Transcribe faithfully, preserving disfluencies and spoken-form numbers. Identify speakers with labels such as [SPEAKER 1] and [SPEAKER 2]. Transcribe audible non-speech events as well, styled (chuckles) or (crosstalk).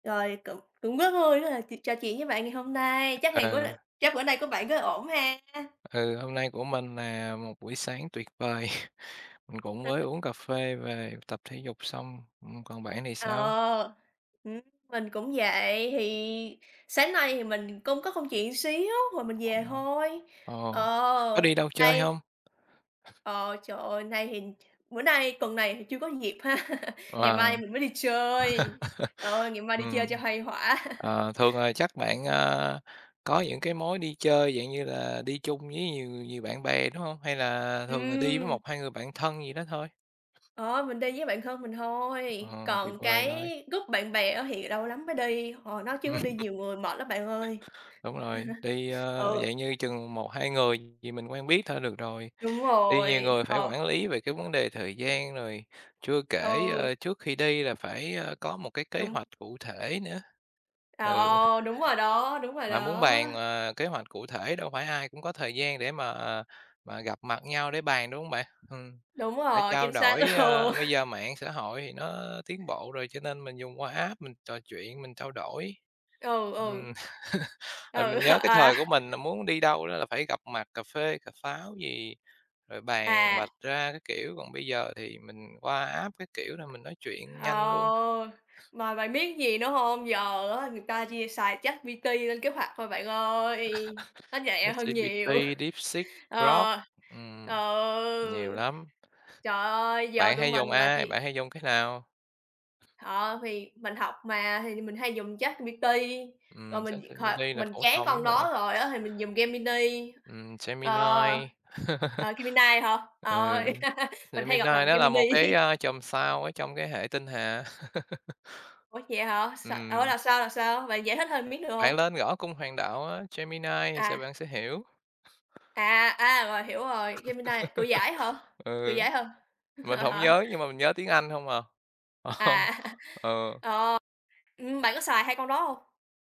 [SPEAKER 1] Rồi, cũng cũng rất vui (unintelligible) trò chuyện với bạn ngày hôm nay, chắc
[SPEAKER 2] Ờ.
[SPEAKER 1] ngày của bạn chắc bữa nay của bạn rất ổn ha?
[SPEAKER 2] Ừ, hôm nay của mình nà một buổi sáng tuyệt vời, (chuckles) mình cũng mới
[SPEAKER 1] (unintelligible)
[SPEAKER 2] uống cà phê về, tập thể dục xong, ừm, còn bạn thì sao?
[SPEAKER 1] Ờ, ừm, mình cũng vậy thì sáng nay thì mình công có công chuyện xíu rồi mình về
[SPEAKER 2] (unintelligible)
[SPEAKER 1] thôi,
[SPEAKER 2] Ồ, có
[SPEAKER 1] ờ,
[SPEAKER 2] đi đâu chơi
[SPEAKER 1] đây
[SPEAKER 2] hông?
[SPEAKER 1] Ờ, trời ơi, nay thì ch bữa nay tuần này thì chưa có dịp ha, ngày
[SPEAKER 2] Ờ.
[SPEAKER 1] mai
[SPEAKER 2] (laughs)
[SPEAKER 1] mình mới đi chơi, trời ơi, ngày mai đi
[SPEAKER 2] Ừm.
[SPEAKER 1] chơi cho khuây khỏa. (laughs)
[SPEAKER 2] Ờ, thường, à, chắc bạn, a, có những cái mối đi chơi, dạng như là đi chung với nhiều người, nhiều bạn bè, đúng hông? Hay là thường, à, đi với
[SPEAKER 1] Ừm.
[SPEAKER 2] một hai người bạn thân gì đó thôi?
[SPEAKER 1] Ờ, mình đi với bạn thân mình thôi,
[SPEAKER 2] Ờ, tuyệt
[SPEAKER 1] còn
[SPEAKER 2] vời
[SPEAKER 1] cái
[SPEAKER 2] rồi.
[SPEAKER 1] group bạn bè á thì lâu lắm mới đi, ờ, nói
[SPEAKER 2] Ừm.
[SPEAKER 1] chứ đi nhiều người mệt lắm bạn ơi.
[SPEAKER 2] (chuckles) Đúng rồi, đi,
[SPEAKER 1] (chuckles)
[SPEAKER 2] ơ,
[SPEAKER 1] Ừ.
[SPEAKER 2] dạng như chừng một hai người gì mình quen biết thôi được rồi,
[SPEAKER 1] Đúng
[SPEAKER 2] đi nhiều
[SPEAKER 1] rồi,
[SPEAKER 2] người phải
[SPEAKER 1] ờ.
[SPEAKER 2] quản lý về cái vấn đề thời gian rồi, chưa kể,
[SPEAKER 1] Ừ.
[SPEAKER 2] ơ, trước khi đi là phải, ơ, có một cái kế
[SPEAKER 1] Đúng.
[SPEAKER 2] hoạch cụ thể nữa, ừ,
[SPEAKER 1] Ờ, đúng rồi đó,
[SPEAKER 2] (chuckles)
[SPEAKER 1] đúng rồi
[SPEAKER 2] mà muốn
[SPEAKER 1] đó.
[SPEAKER 2] bàn, ờ, kế hoạch cụ thể đâu phải ai cũng có thời gian để mà, à, mà gặp mặt nhau để bàn, đúng hông bạn? Hừm,
[SPEAKER 1] Đúng
[SPEAKER 2] để
[SPEAKER 1] rồi,
[SPEAKER 2] trao
[SPEAKER 1] chính xác
[SPEAKER 2] đổi,
[SPEAKER 1] luôn.
[SPEAKER 2] ơ, bây giờ mạng xã hội thì nó tiến bộ rồi cho nên mình dùng qua app mình trò chuyện, mình trao đổi.
[SPEAKER 1] Ừ, ừ.
[SPEAKER 2] Ừm, (chuckles) ừm,
[SPEAKER 1] Ừ,
[SPEAKER 2] mình nhớ
[SPEAKER 1] (chuckles)
[SPEAKER 2] cái
[SPEAKER 1] à.
[SPEAKER 2] thời của mình là muốn đi đâu đó là phải gặp mặt cà phê, cà pháo gì, rồi bàn vạch
[SPEAKER 1] À.
[SPEAKER 2] ra các kiểu, còn bây giờ thì mình qua app các kiểu là mình nói chuyện
[SPEAKER 1] Ờ,
[SPEAKER 2] nhanh luôn.
[SPEAKER 1] mà bạn biết gì nữa hông? Giờ á người ta chia xài ChatPT lên kế hoạch thôi bạn ơi, nó
[SPEAKER 2] (chuckles)
[SPEAKER 1] nhẹ hơn nhiều.
[SPEAKER 2] ChatGPT, Deepseek,
[SPEAKER 1] (chuckles)
[SPEAKER 2] Grok,
[SPEAKER 1] Ờ,
[SPEAKER 2] ừm, nhiều
[SPEAKER 1] ừ,
[SPEAKER 2] lắm.
[SPEAKER 1] trời ơi, giờ
[SPEAKER 2] Bạn
[SPEAKER 1] tụi
[SPEAKER 2] hay
[SPEAKER 1] mình
[SPEAKER 2] dùng
[SPEAKER 1] là
[SPEAKER 2] ai?
[SPEAKER 1] chỉ
[SPEAKER 2] Bạn hay dùng cái nào?
[SPEAKER 1] Ờ, thì mình học mà thì mình hay dùng ChatGPT rồi
[SPEAKER 2] Ừm,
[SPEAKER 1] mình
[SPEAKER 2] ChatGPT
[SPEAKER 1] (unintelligible)
[SPEAKER 2] là
[SPEAKER 1] mình
[SPEAKER 2] phổ
[SPEAKER 1] chán
[SPEAKER 2] thông nhất
[SPEAKER 1] con
[SPEAKER 2] rồi.
[SPEAKER 1] đó rồi á thì mình dùng ghe mi ni,
[SPEAKER 2] Ừm,
[SPEAKER 1] ờ
[SPEAKER 2] Gemini.
[SPEAKER 1] ờ, Gemini hả?
[SPEAKER 2] (laughs) Ừ,
[SPEAKER 1] Ờ, (laughs) mình hay
[SPEAKER 2] Gemini
[SPEAKER 1] đọc là
[SPEAKER 2] nó
[SPEAKER 1] ghe mi
[SPEAKER 2] là
[SPEAKER 1] ni.
[SPEAKER 2] một cái, a, chòm sao ở trong cái hệ tinh hà. (laughs)
[SPEAKER 1] Ủa, vậy hả? S ủa,
[SPEAKER 2] Ừm.
[SPEAKER 1] là sao, là sao? Bạn giải thích thêm miếng được
[SPEAKER 2] Bạn
[SPEAKER 1] hông?
[SPEAKER 2] lên gõ cung hoàng đạo á Gemini thì sẽ
[SPEAKER 1] À.
[SPEAKER 2] bạn sẽ hiểu.
[SPEAKER 1] À, à, rồi, hiểu rồi, Gemini Cự Giải hả,
[SPEAKER 2] (laughs)
[SPEAKER 1] Cự
[SPEAKER 2] Ừ.
[SPEAKER 1] Giải ha?
[SPEAKER 2] Mình hổng
[SPEAKER 1] (laughs)
[SPEAKER 2] nhớ nhưng mà mình nhớ tiếng Anh hông à. Ờ.
[SPEAKER 1] À. (chuckles)
[SPEAKER 2] Ờ.
[SPEAKER 1] Ờ, ưm, bạn có xài hai con đó hông?